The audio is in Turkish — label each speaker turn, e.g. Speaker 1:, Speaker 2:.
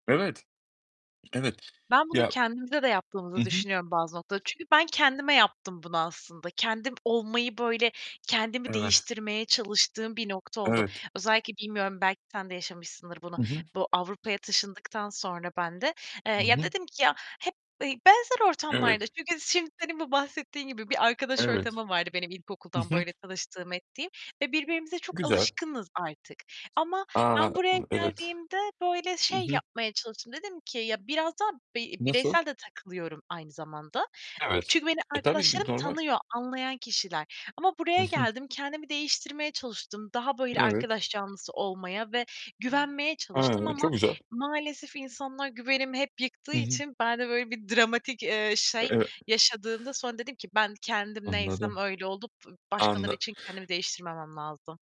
Speaker 1: Evet. Evet.
Speaker 2: Ben bunu
Speaker 1: Ya.
Speaker 2: kendimize de
Speaker 1: Hı
Speaker 2: yaptığımızı
Speaker 1: hı.
Speaker 2: düşünüyorum bazı noktalarda, çünkü ben kendime yaptım bunu aslında. Kendim olmayı böyle kendimi
Speaker 1: Evet.
Speaker 2: değiştirmeye çalıştığım bir nokta oldu.
Speaker 1: Evet.
Speaker 2: Özellikle bilmiyorum belki sen de yaşamışsındır bunu,
Speaker 1: Hı hı.
Speaker 2: bu Avrupa'ya taşındıktan sonra ben de, eee,
Speaker 1: Hı
Speaker 2: ya
Speaker 1: hı.
Speaker 2: dedim ki, ya hep, eee, benzer ortamlarda,
Speaker 1: Evet.
Speaker 2: çünkü şimdi senin bu bahsettiğin gibi bir arkadaş
Speaker 1: Evet.
Speaker 2: ortamım vardı benim
Speaker 1: Hı
Speaker 2: ilkokuldan
Speaker 1: hı.
Speaker 2: böyle tanıştığım ettiğim ve birbirimize çok
Speaker 1: Güzel.
Speaker 2: alışkınız artık ama
Speaker 1: A,
Speaker 2: ben buraya
Speaker 1: evet.
Speaker 2: geldiğimde böyle
Speaker 1: Hı
Speaker 2: şey
Speaker 1: hı.
Speaker 2: yapmaya çalıştım. Dedim ki ya, biraz da bi
Speaker 1: Nasıl?
Speaker 2: bireysel de takılıyorum aynı zamanda.
Speaker 1: Evet.
Speaker 2: Çünkü beni
Speaker 1: Eee, tabii
Speaker 2: arkadaşlarım
Speaker 1: normal.
Speaker 2: tanıyor, anlayan kişiler ama
Speaker 1: Hı
Speaker 2: buraya
Speaker 1: hı.
Speaker 2: geldim, kendimi değiştirmeye çalıştım. Daha böyle
Speaker 1: Evet.
Speaker 2: arkadaş canlısı olmaya ve güvenmeye çalıştım
Speaker 1: He,
Speaker 2: ama
Speaker 1: çok güzel.
Speaker 2: maalesef insanlar güvenimi hep yıktığı
Speaker 1: Hı hı.
Speaker 2: için ben de böyle bir dramatik, eee, şey,
Speaker 1: Eee
Speaker 2: yaşadığımda sonra dedim ki ben kendim neysem
Speaker 1: Anladım.
Speaker 2: öyle olup başkaları
Speaker 1: Anla
Speaker 2: için kendimi değiştirmemem lazım.